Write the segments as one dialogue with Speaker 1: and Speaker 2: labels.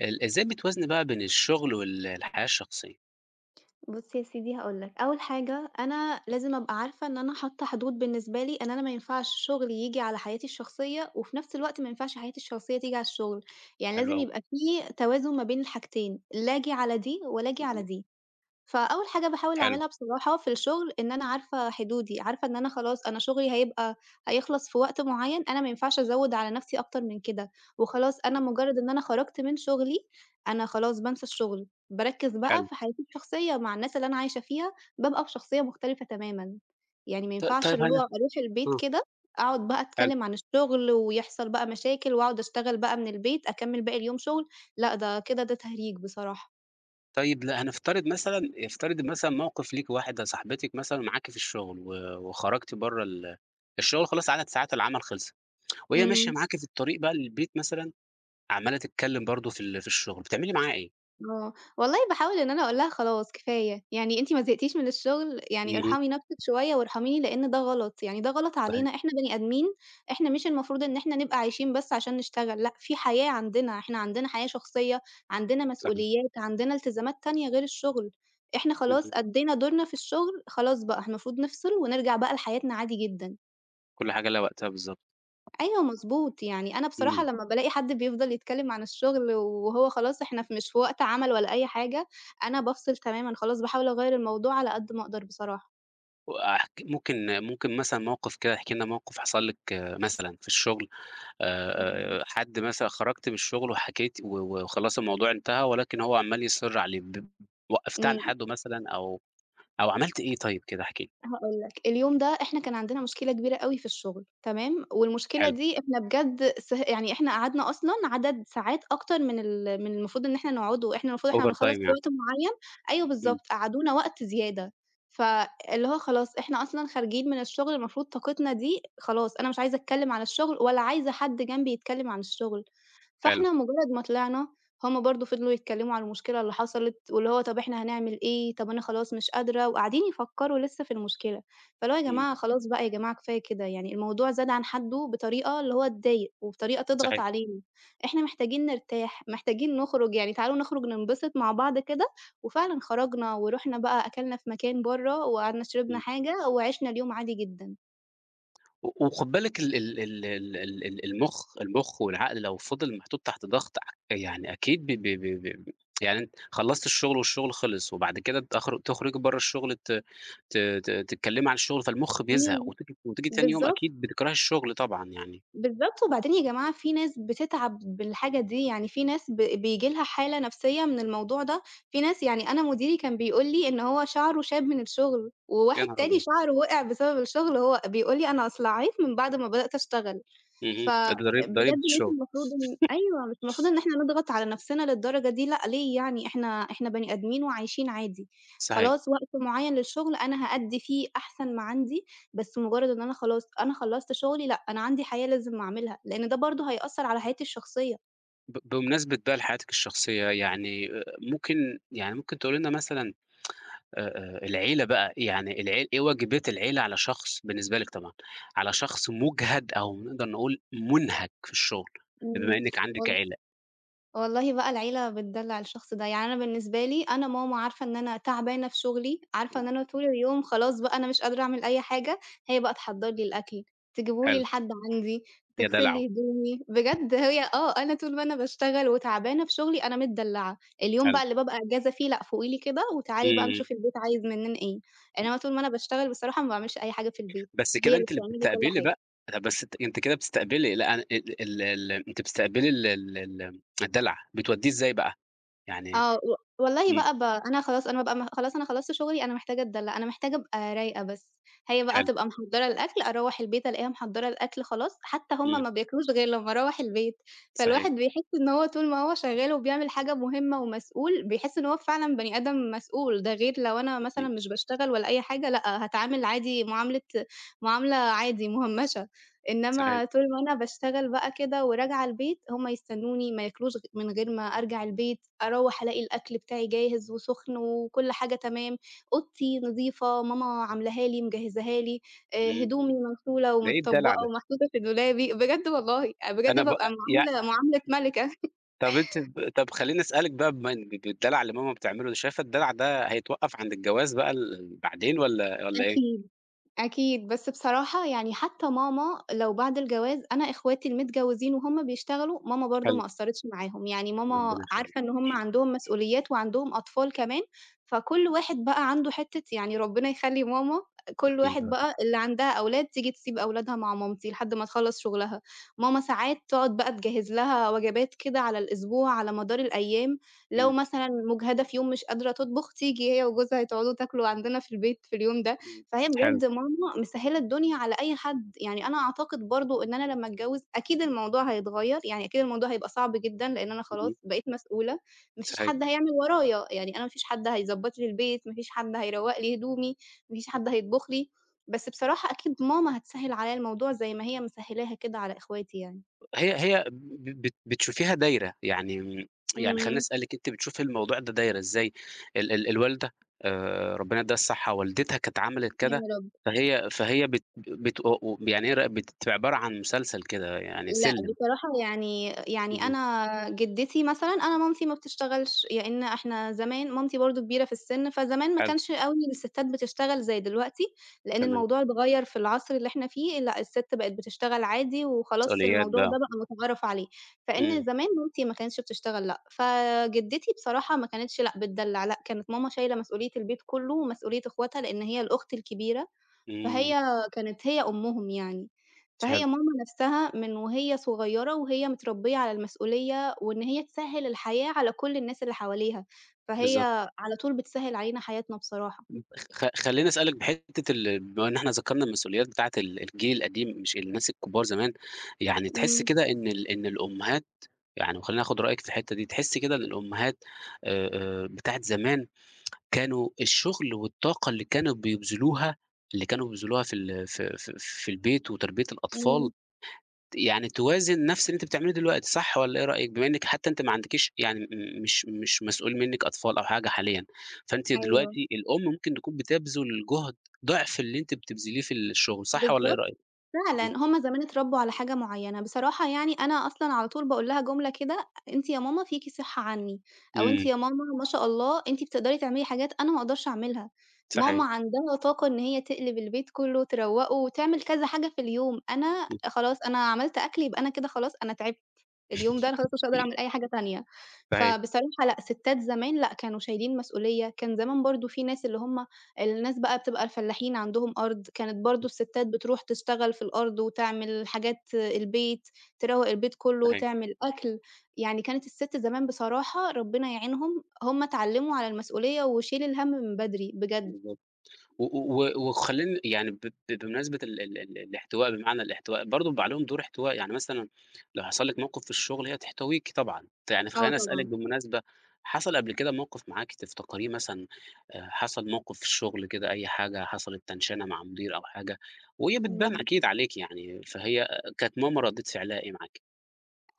Speaker 1: ال إزاي بتوازني، بقى، بين الشغل وال الحياة الشخصية؟
Speaker 2: بُص يا سيدي، هاقول لك أول حاجة: أنا لازم أبقى عارفة إن أنا حاطة حدود بالنسبة لي، إن أنا ما ينفعش شغلي ييجي على حياتي الشخصية، وفي نفس الوقت ما ينفعش حياتي الشخصية تيجي على الشغل. يعني
Speaker 1: حلو
Speaker 2: لازم
Speaker 1: أوى.
Speaker 2: يبقى في توازن ما بين الحاجتين، لا آجي على دي، ولا آجي على
Speaker 1: اهم.
Speaker 2: دي. فأول حاجة باحاول
Speaker 1: حلو.
Speaker 2: أعملها بصراحة، في الشغل، إن أنا عارفة حدودي، عارفة إن أنا خلاص، أنا شغلي هيبقى هيخلَص في وقت معين. أنا ما ينفعش أزوِّد على نَفْسي أكتر من كده. وخلاص، أنا
Speaker 1: اهم.
Speaker 2: مجرد إن أنا خَرجت من شغلي، أنا خلاص بانسى الشغل، باركِّز بقى
Speaker 1: حلو.
Speaker 2: في حياتي شخصية، مع الناس اللي أنا عايشة فيها، بابقى بشخصية مختلفة تمامًا. يعني ما
Speaker 1: ط
Speaker 2: ينفعش
Speaker 1: طيب
Speaker 2: اللي هو
Speaker 1: هنف
Speaker 2: أروح البيت
Speaker 1: امم.
Speaker 2: كده، أقعد بقى
Speaker 1: حلو.
Speaker 2: أتكلم عن الشغل، ويحصل بقى مشاكل، وأقعد أشتغل بقى من البيت أكمِّل باقي اليوم شغل. لأ، ده كده، ده تهريج، بصراحة.
Speaker 1: طيب، لا هنفترض مثلًا افترضي مثلًا، موقف ليكِ. واحدة صاحبتِك مثلًا معاكِ في الشغل. و وخَرجتِ برَّه ال الشغل، خلاص، عدد ساعات العمل خَلَصِت، وهي ماشية
Speaker 2: إمم.
Speaker 1: معاكِ في الطريق بقى، للبيت مثلًا، عمّالة تتكلم برضه في ال في الشغل. بتعملي معاها إيه؟
Speaker 2: آه، والله باحاول إن أنا أقول لها: "خلاص كفاية، يعني أنتِ ما زهقتيش من الشغل يعني
Speaker 1: اهم.
Speaker 2: ارحمي نفْسِك شوية وارحميني." لإن ده غلط، يعني ده غلط
Speaker 1: صحيح.
Speaker 2: علينا، إحنا بني آدمين إحنا مش المفروض إن إحنا نبقى عايشين بس عشان نشتغل، لأ في حياة عندنا إحنا عندنا حياة شخصية عندنا
Speaker 1: صحيح.
Speaker 2: مسؤوليات عندنا إلتزامات تانية غير الشغل، إحنا خلاص
Speaker 1: اهم.
Speaker 2: أدِّينا دورنا في الشغل خلاص بقى المفروض نفصِل ونرجَع بقى لحياتنا عادي جدًا.
Speaker 1: كلّ حاجة ليها وقتها بالضبط.
Speaker 2: أيوه مضبوط، يعني أنا بصراحة
Speaker 1: إمم.
Speaker 2: لمّا بالاقي حد بيفْضل يتكلّم عن الشغل وهو خلاص إحنا مش في وقت عمل ولا أي حاجة، أنا بافصل تمامًا خلاص باحاول أغيّر الموضوع على قد ما أقدر بصراحة.
Speaker 1: وأحك ممكن ممكن مثلًا موقف كده، احكي لنا موقف حصل لِك مثلًا في الشغل،
Speaker 2: إمم.
Speaker 1: آآ، حد مثلًا خرجتِ من الشغل وحكيت و وخلاص الموضوع انتهى، ولكن هو عَمّال يصِر عليه ب وقَّفتيه عند
Speaker 2: إمم.
Speaker 1: حَدْه مثلًا أو أو عملتِ إيه طيب كده احكي لي؟
Speaker 2: هاقول لك، اليوم ده إحنا كان عندنا مشكلة كبيرة أوي في الشغل تمام، والمشكلة
Speaker 1: حلو.
Speaker 2: دي إحنا بجد س يعني إحنا قعدنا أصلًا عدد ساعات أكتر من ال من المفروض إن إحنا نقعده، إحنا المفروض إحنا
Speaker 1: over
Speaker 2: بنخلّص
Speaker 1: time
Speaker 2: في
Speaker 1: يعني.
Speaker 2: وقت معيّن أيوه
Speaker 1: إمم.
Speaker 2: بالضبط، قعدونا وقت زيادة ف اللي هو خلاص إحنا أصلًا خارجين من الشغل المفروض طاقتنا دي خلاص أنا مش عايزة أتكلّم عن الشغل ولا عايزة حد جنبي يتكلّم عن الشغل،
Speaker 1: حلو.
Speaker 2: فإحنا مجرّد ما طلعنا هُم برضه فضلوا يتكلّموا عن المشكلة اللي حصلِت، واللي هو "طَب إحنا هنعمل إيه؟" طَب أنا خلاص مش قادرة، وقاعدين يفكّروا لسّه في المشكلة، فاللي هو "يا
Speaker 1: إمم.
Speaker 2: جماعة خلاص بقى يا جماعة كفاية كده يعني الموضوع زاد عن حَدُّه بطريقة اللي هو تضايق وبطريقة تضغط
Speaker 1: صحيح.
Speaker 2: علينا، إحنا محتاجين نرتاح، محتاجين نُخرج يعني تعالوا نُخرج ننبسط مع بعض كده." وفعلًا خرجنا ورُحنا بقى أكَلنا في مكان برّه وقعدنا شربنا
Speaker 1: إمم.
Speaker 2: حاجة، وعِشنا اليوم عادي جدًا.
Speaker 1: و وخُد بالِك ال ال ال ال ال ال المُخ المُخ والعقل لو فضل محطوط تحت ضغط ع يعني أكيد ب ب ب ب يعني أنت خلّصت الشُغل والشُغل خلص وبعد كده تخر تخرُجي برّه الشُغل ت ت ت تتكلّمي عن الشُغل فالمُخ بيزهق
Speaker 2: إمم،
Speaker 1: وتيجي وتيجي تاني يوم
Speaker 2: بالضبط.
Speaker 1: أكيد بتكرهي الشُغل طبعًا يعني
Speaker 2: بالضبط، وبعدين يا جماعة في ناس بتتعب بالحاجة دي، يعني في ناس ب بييجي لها حالة نَفْسية من الموضوع ده، في ناس يعني أنا مديري كان بيقول لي إن هو شَعره شاب من الشُغل
Speaker 1: يا
Speaker 2: وواحد
Speaker 1: نهار
Speaker 2: تاني
Speaker 1: أبيض!
Speaker 2: شَعره وقع بسبب الشُغل وهو بيقول لي أنا أصلعّيت من بعد ما بدأت أشتغل.
Speaker 1: اهم،
Speaker 2: فبجد
Speaker 1: الضريب ضريبة
Speaker 2: مش
Speaker 1: الشُغل.
Speaker 2: المفروض إن أيوه مش المفروض إن إحنا نضغط على نَفْسنا للدرجة دي لأ، ليه يعني؟ إحنا إحنا بني آدمين وعايشين عادي،
Speaker 1: صحيح.
Speaker 2: خلاص وقت معيّن للشُغل أنا هأدّي في أحسن ما عندي بس مُجرّد إن أنا خلاص أنا خلّصت شُغلي لأ، أنا عندي حياة لازم أعملها لإن ده برضه هيأثّر على حياتي الشخصية.
Speaker 1: ب بمناسبة بقى لحياتِك الشخصية، يعني آآ ممكن يعني ممكن تقولي لنا مثلًا آآ آآ العيلة بقى يعني العيل إيه واجبات العيلة على شخص بالنسبة لِك طبعًا على شخص مُجهَد أو نقدر نقول مُنهَك في الشُغل
Speaker 2: إمم.
Speaker 1: بما إنِّك عندِك
Speaker 2: وال
Speaker 1: عيلة؟
Speaker 2: والله بقى العيلة بتدلّع الشخص ده، يعني أنا بالنسبة لي أنا ماما عارفة إن أنا تعبانة في شُغلي، عارفة إن أنا طول اليوم خلاص بقى أنا مش قادرة أعمل أي حاجة، هي بقى تحضّر لي الأكل، تجيبه لي
Speaker 1: حلو.
Speaker 2: لحد عندي،
Speaker 1: يا
Speaker 2: تغسل
Speaker 1: دلعو.
Speaker 2: لي هدومي، بجد هي آه، أنا طول ما أنا باشتغل وتعبانة في شُغلي أنا متدلّعة، اليوم
Speaker 1: حلو.
Speaker 2: بقى اللي بابقى إجازة فيه لأ، فُوقي لي كده
Speaker 1: إمم،
Speaker 2: وتعالي بقى
Speaker 1: إمم.
Speaker 2: نشوف البيت عايز منّنا إيه، يعني أنا طول ما أنا باشتغل بصراحة ما باعملش أي حاجة في البيت
Speaker 1: بس
Speaker 2: هي
Speaker 1: كده
Speaker 2: اللي
Speaker 1: أنتِ اللي
Speaker 2: بتعمل لي كل
Speaker 1: بتستقبلي
Speaker 2: حاجة.
Speaker 1: بقى لأ، بس ت أنتِ كده بتستقبلي لأ، ال آآ ال ال أنتِ بتستقبلي ال ال ال الدلع، بتودّيه إزاي بقى؟ يعني
Speaker 2: آه، و والله
Speaker 1: إمم.
Speaker 2: بقى ب أنا خلاص أنا أبقى أمّا خلاص أنا خلّصت شُغلي أنا محتاجة أتدلّع، أنا محتاجة أبقى رايقة بس هي بقى
Speaker 1: حلو.
Speaker 2: تبقى محضّرة الأكل أروّح البيت ألاقيها محضّرة الأكل خلاص حتّى هم
Speaker 1: إمم.
Speaker 2: ما بياكلوش غير لمّا أروّح البيت، فالواحد
Speaker 1: صحيح.
Speaker 2: بيحس إن هو طول ما هو شغّال وبيعمل حاجة مهمّة ومسؤول، بيحس إن هو فعلًا بني آدم مسؤول ده غير لو أنا مثلًا
Speaker 1: أكيد.
Speaker 2: مش باشتغل ولا أي حاجة لأ، هاتعامل عادي معاملة معاملة عادي مُهمّشة،
Speaker 1: صحيح
Speaker 2: إنّما طول ما أنا باشتغل بقى كده وراجعة البيت، هم يستنّوني ما ياكلوش غ من غير ما أرجع البيت، أروّح ألاقي الأكل بتاعي جاهز وسُخن وكل حاجة تمام، أوضتي نضيفة، ماما عملاها لي، مجهّزاها لي، آآ
Speaker 1: إمم.
Speaker 2: هدومي مغسولة
Speaker 1: ده إيه الدلع
Speaker 2: ومتطبّقة
Speaker 1: ده!
Speaker 2: ومحطوطة في دولابي، بجد والله، بجد
Speaker 1: أنا ب
Speaker 2: بابقى
Speaker 1: آآ يع
Speaker 2: معاملة معاملة ملكة.
Speaker 1: طَب أنتِ ب طَب خلّيني أسأل لِك بقى بما إن ج بالدلع اللي ماما بتعمله، شايفة الدلع ده هيتوقَّف عند الجواز بقى ال ال بعدين والّا والّا إيه؟
Speaker 2: أكيد، أكيد، بس بصراحة يعني حتّى ماما لو بعد الجواز أنا إخواتي المتجوّزين وهُم بيشتغلوا ماما برضه
Speaker 1: حلو.
Speaker 2: ما قصّرتش معاهم، يعني ماما
Speaker 1: ربّنا
Speaker 2: عارفة
Speaker 1: يخلّيها.
Speaker 2: إن هم عندهم مسؤوليات وعندهم أطفال كمان، فكل واحد بقى عنده حتّة يعني ربّنا يخلّي ماما آآ كل
Speaker 1: أكيد
Speaker 2: واحد
Speaker 1: آه.
Speaker 2: بقى اللي عندها أولاد تيجي تسيب أولادها مع مامتي لحد ما تخلّص شُغلها. ماما ساعات تقعد بقى تجهّز لها وجبات كده على الأسبوع على مدار الأيام لو
Speaker 1: إمم.
Speaker 2: مثلًا مُجهدة في يوم مش قادرة تطبُخ تيجي هي وجوزها تقعدوا تاكلوا عندنا في البيت في اليوم ده.
Speaker 1: إمم،
Speaker 2: فهي
Speaker 1: حلو.
Speaker 2: بجد ماما مسهّلة الدنيا على أي حد، يعني أنا أعتقد برضه إن أنا لمّا أتجوّز أكيد الموضوع هيتغيّر، يعني أكيد الموضوع هيبقى صعب جدًا لإن أنا خلاص
Speaker 1: اهم.
Speaker 2: بقيت مسؤولة ما فيش
Speaker 1: صحيـح.
Speaker 2: حد هيعمل ورايا، يعني أنا ما فيش حد هيضبّط لي البيت، ما فيش حد هيروّق لي هدومي، ما فيش حد هيطبُخ لي، بس بصراحة أكيد ماما هتسهّل عليّا الموضوع زي ما هي مسهّلاها كده على إخواتي يعني.
Speaker 1: هي هي ب ب بت بتشوفيها دايرة، يعني م يعني خلّيني
Speaker 2: إمم.
Speaker 1: أسأل لِك، أنتِ بتشوفي الموضوع ده دايرة إزاي ال ال الوالدة آآ ربّنا يدّيها الصحّة والدتها كانت عملت
Speaker 2: يا
Speaker 1: كده،
Speaker 2: رب.
Speaker 1: فهي فهي بت آآ بت آآ وب يعني هي راقبت في عبارة عن مسلسل كده، يعني
Speaker 2: لأ،
Speaker 1: سِلّم؟
Speaker 2: بصراحة يعني يعني
Speaker 1: اهم.
Speaker 2: أنا جِدّتي مثلًا أنا مامتي ما بتشتغلش لإن إحنا زمان مامتي برضه كبيرة في السِن فزمان ما
Speaker 1: حلو.
Speaker 2: كانش أوي إن السِتّات بتشتغل زي دلوقتي لإن
Speaker 1: تمام.
Speaker 2: الموضوع اتغيّر في العصر اللي إحنا فيه لأ، السِت بقت بتشتغل عادي وخلاص
Speaker 1: مسؤوليات
Speaker 2: الموضوع
Speaker 1: بـقى.
Speaker 2: ده بقى مُتعارف عليه، فإن
Speaker 1: إمم.
Speaker 2: زمان مامتي ما كانتش بتشتغل لأ، فجِدّتي بصراحة ما كانتش لأ، بتدلّع لأ، كانت ماما شايلة مسؤولية البيت كلّه ومسؤولية إخوتها لإن هي الأخت الكبيرة،
Speaker 1: إمم.
Speaker 2: فهي كانت هي أمهم يعني،
Speaker 1: ت حلو.
Speaker 2: فهي ماما نَفْسها من وهي صغيّرة وهي متربّية على المسؤولية وإن هي تسهّل الحياة على كل الناس اللي حواليها، فهي
Speaker 1: بالضبط.
Speaker 2: على طول بتسهّل علينا حياتنا بصراحة.
Speaker 1: م خ خ خلّيني أسأل لِك بحتّة ال بما إن إحنا ذكرنا المسؤوليات بتاعة ال الجيل القديم مش الناس الكبار زمان، يعني تحسّي
Speaker 2: إمم.
Speaker 1: كده إن ال إن الأمّهات يعني وخلّيني آخُد رأيِك في الحتّة دي، تحسّي كده إن الأمّهات آآ آآ بتاعة زمان كانوا الشُغل والطاقة اللي كانوا بيبذلوها، اللي كانوا بيبذلوها في ال في في في البيت وتربية الأطفال
Speaker 2: إمم.
Speaker 1: ت يعني توازِن نَفْس اللي أنتِ بتعمليه دلوقتي صح والّا إيه رأيِك؟ بما إنِّك حتّى أنتِ ما عندكيش يعني م مش مش مسؤول منِّك أطفال أو حاجة حاليًا، فأنتِ
Speaker 2: أيوه.
Speaker 1: دلوقتي الأم ممكن تكون بتبذل جُهد ضعف اللي أنتِ بتبذليه في الشُغل صح والّا إيه
Speaker 2: بالضبط،
Speaker 1: رأيِك؟ اهم.
Speaker 2: فعلًا، هم زمان اتربّوا على حاجة معيّنة. بصراحة يعني أنا أصلًا على طول باقول لها جملة كده "أ أنتِ يا ماما فيكِ صحّة عنّي أو أنتِ
Speaker 1: إمم.
Speaker 2: يا ماما ما شاء الله أنتِ بتقدري تعملي حاجات أنا ما أقدرش أعملها." ماما
Speaker 1: صحي
Speaker 2: عندها طاقة إن هي تقلب البيت كلّه وتروّقه وتعمل كذا حاجة في اليوم، أنا آآ خلاص أنا عملت أكل يبقى أنا كده خلاص أنا تعبت اليوم ده أنا خلاص مش هاقدر أعمل أي حاجة تانية.
Speaker 1: صحيـح.
Speaker 2: فبصراحة لأ، سِتّات زمان لأ، كانوا شايلين مسؤولية، كان زمان برضه في ناس اللي هم الناس بقى بتبقى الفلاحين عندهم أرض كانت برضه السِتّات بتروح تشتغل في الأرض وتعمل حاجات البيت، تروّق البيت كلّه،
Speaker 1: صحيـح.
Speaker 2: تعمل أكل، يعني كانت السِت زمان بصراحة ربّنا يعينهم هم اتعلموا على المسؤولية وشيل الهَم من بدري بجد.
Speaker 1: بالضبط، و و و وخلّيني يعني ب ب بمناسبة ال ال ال الإحتواء بمعنى الإحتواء برضه بيبقى عليهم دور إحتواء، يعني مثلًا لو حصل لِك موقِف في الشُغل هي هتحتويكِ طبعًا. ت يعني
Speaker 2: آه
Speaker 1: فخلّيني أسأل لِك
Speaker 2: طبعًا.
Speaker 1: بالمناسبة حصل قبل كده موقِف معاكِ تفتكريه مثلًا آآ حصل موقِف في الشُغل كده أي حاجة حصلت تنشنة مع مدير أو حاجة وهي بتبان
Speaker 2: إمم.
Speaker 1: أكيد عليكِ يعني، فهي آآ كانت ماما ردّة فِعلها إيه معاكِ؟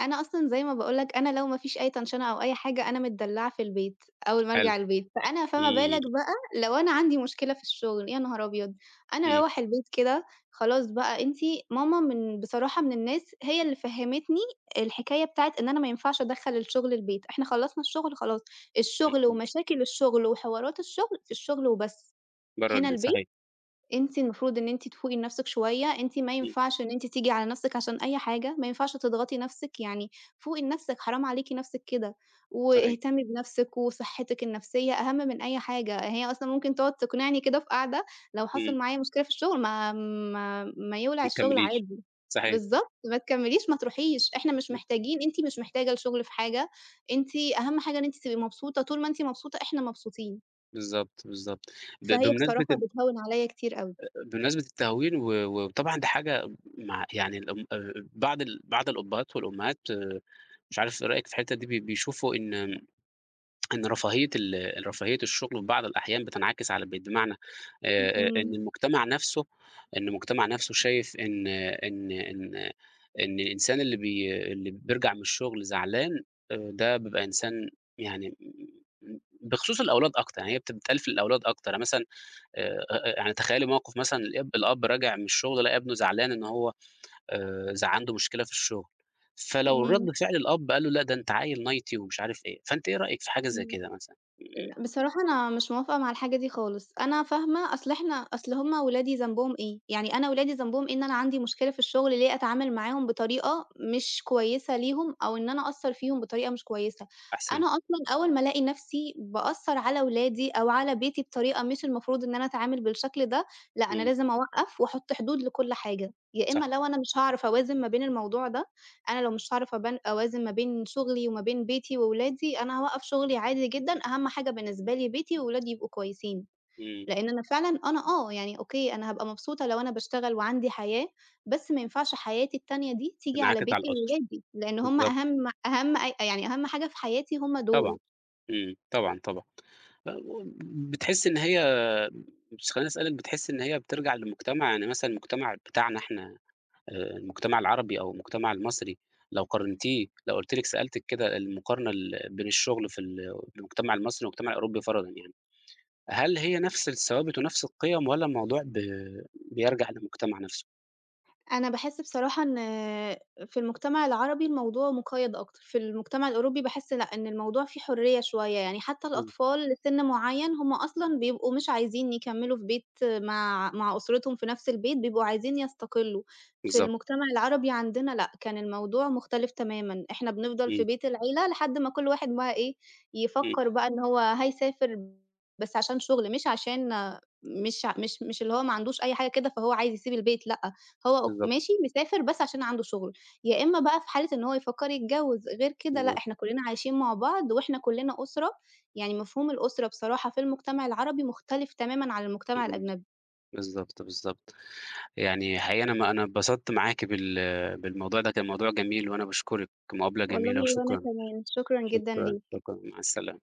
Speaker 2: أنا أصلًا زي ما باقول لك أنا لو ما فيش أي تنشنة أو أي حاجة أنا متدلعة في البيت، أول ما
Speaker 1: حلو،
Speaker 2: أرجع البيت فأنا فما بالك
Speaker 1: إمم.
Speaker 2: بقى لو أنا عندي مشكلة في الشغل، يا نهار أبيض أنا
Speaker 1: إمم.
Speaker 2: أروَّح البيت كده خلاص بقى أنتِ ماما من بصراحة من الناس هي اللي فهّمتني الحكاية بتاعة إن أنا ما ينفعش أدخَّل الشغل البيت، إحنا خلّصنا الشغل خلاص، الشغل،
Speaker 1: اهم.
Speaker 2: ومشاكل الشغل، وحوارات الشغل، في الشغل وبس،
Speaker 1: برّه
Speaker 2: هنا
Speaker 1: البيت،
Speaker 2: البيت
Speaker 1: صحيح.
Speaker 2: أنتِ المفروض إن أنتِ تفوقي لنفسِك شوية، أنتِ ما
Speaker 1: إمم.
Speaker 2: ينفعش إن أنتِ تيجي على نفسِك عشان أي حاجة، ما ينفعش تضغطي نفسِك، يعني فوقي لنفسِك حرام عليكِ نفسِك كده،
Speaker 1: صحيح.
Speaker 2: واهتمي بنفسِك، وصحتِك النفسية أهم من أي حاجة، هي أصلًا ممكن تقعد تقنعني كده في قعدة، لو حصل
Speaker 1: إمم.
Speaker 2: معايا مشكلة في الشغل ما ما ما يولع
Speaker 1: ما
Speaker 2: الشغل
Speaker 1: تكمّليش،
Speaker 2: عادي،
Speaker 1: صحيح.
Speaker 2: بالضبط ما تكمّليش ما تروحيش إحنا مش محتاجين أنتِ مش محتاجة الشغل في حاجة، أنتِ أهم حاجة إن أنتِ تبقي مبسوطة، طول ما أنتِ مبسوطة إحنا مبسوطين.
Speaker 1: بالضبط، بالضبط ب
Speaker 2: فهي
Speaker 1: بمناسبة
Speaker 2: بصراحة
Speaker 1: ال
Speaker 2: بتهوِّن عليَّا كتير أوي.
Speaker 1: أ أ بمناسبة التهوين و وطبعًا ده حاجة مع يعني ال [unintelligible] بعض ال بعض الأبهات والأمهات مش عارف إيه رأيِك في الحتة دي ب بيشوفوا إن إن رفاهية ال رفاهية الشغل في بعض الأحيان بتنعكس على البيت، بمعنى آآ آآ،
Speaker 2: إمم.
Speaker 1: إن المجتمع نفسُه إن المجتمع نفسُه شايف إن إن إن إن الإنسان اللي بي اللي بيرجع من الشغل زعلان آآ ده بيبقى إنسان يعني بخصوص الأولاد أكتر، يعني هي بتتقال في الأولاد أكتر يعني مثلًا آآ آآ آآ يعني تخيّلي موقف مثلًا الأب الأب راجع من الشغل لقى إبنه زعلان إن هو آآ ز عنده مشكلة في الشغل، فلو رد
Speaker 2: إمم.
Speaker 1: فعل الأب قال له لأ، ده أنت عيل نايتي ومش عارف إيه، فأنتِ إيه رأيِك في حاجة زي
Speaker 2: إمم،
Speaker 1: كده مثلًا؟
Speaker 2: بصراحة أنا مش موافقة مع الحاجة دي خالص، أنا فاهمة أصل إحنا أصل هُم ولادي ذنبهم ايه؟ يعني أنا ولادي ذنبهم إيه إن أنا عندي مشكلة في الشغل ليه أتعامل معاهم بطريقة مش كويسة ليهم، أو إن أنا أأثّر فيهم بطريقة مش كويسة،
Speaker 1: أحسن.
Speaker 2: أنا أصلًا أول ما ألاقي نفسي بأثّر على ولادي أو على بيتي بطريقة مش المفروض إن أنا أتعامل بالشكل ده، لأ أنا
Speaker 1: إمم.
Speaker 2: لازم أوقّف وأحط حدود لكُلّ حاجة، يا
Speaker 1: صح.
Speaker 2: إمّا لو أنا مش هاعرف أوازن ما بين الموضوع ده، أنا لو مش عارفة أبا أوازن ما بين شغلي وما بين بيتي وولادي، أنا هاوقّف شغلي عادي جدًا، أهم حاجة بالنسبة لي بيتي وولادي يبقوا كويسين،
Speaker 1: إمم.
Speaker 2: لأن أنا فعلًا أنا آه يعني أوكي، أنا هابقى مبسوطة لو أنا باشتغل وعندي حياة، بس ما ينفعش حياتي التانية دي تيجي على
Speaker 1: تنعكس على
Speaker 2: بيتي
Speaker 1: الأسرة،
Speaker 2: وولادي، لأن هُم
Speaker 1: بالضبط.
Speaker 2: أهم أهم أ يعني أهم حاجة في حياتي هُم دول.
Speaker 1: طبعًا، إمم، طبعًا، طبعًا بتحسي إن هي مش خليني أسألِك بتحسي إن هي بترجع للمجتمع، يعني مثلًا المجتمع بتاعنا إحنا آآ، المجتمع العربي أو المجتمع المصري، لو قارنتيه لو قُلت لِك سألتِك كده المقارنة ال بين الشغل في ال في المجتمع المصري والمجتمع الأوروبي فرَضًا يعني، هل هي نفس الثوابت ونفس القِيَم، والَّا الموضوع ب بيرجع للمجتمع نفسُه؟
Speaker 2: أنا باحس بصراحة إن في المجتمع العربي الموضوع مقيّد أكتر، في المجتمع الأوروبي باحس لأ إن الموضوع فيه حرية شوية، يعني حتى
Speaker 1: إمم.
Speaker 2: الأطفال لسن معيّن هُم أصلًا بيبقوا مش عايزين يكمّلوا في بيت مع مع أسرتهم في نفس البيت بيبقوا عايزين يستقلّوا، في
Speaker 1: بالضبط.
Speaker 2: المجتمع العربي عندنا لأ، كان الموضوع مختلف تمامًا، إحنا بنفضل في
Speaker 1: إمم.
Speaker 2: بيت العيلة لحد ما كُلّ واحد بقى إيه
Speaker 1: إمم.
Speaker 2: يفكّر بقى إن هو هيسافر بس عشان شغل، مش عشان مش ع مش مش اللي هو ما عندوش أي حاجة كده فهو عايز يسيب البيت، لأ، هو أو
Speaker 1: بالضبط.
Speaker 2: ماشي مسافر بس عشان عنده شغل، يا إمّا بقى في حالة إن هو يفكّر يتجوّز، غير كده لأ،
Speaker 1: بالضبط.
Speaker 2: إحنا كُلّنا عايشين مع بعض وإحنا كُلّنا أسرة، يعني مفهوم الأسرة بصراحة في المجتمع العربي مختلف تمامًا عن المجتمع
Speaker 1: [unintelligible]
Speaker 2: الأجنبي.
Speaker 1: بالضبط، بالضبط يعني حقيقي أنا ما أنا اتبسطت معاكِ بال بالموضوع ده، كان موضوع جميل، وأنا باشكرِك مقابلة
Speaker 2: والله
Speaker 1: جميلة،
Speaker 2: وأنا
Speaker 1: وشكرًا،
Speaker 2: كمان، شكرًا جدًا
Speaker 1: شكرًا،
Speaker 2: ليك.
Speaker 1: شكرًا مع السلامة.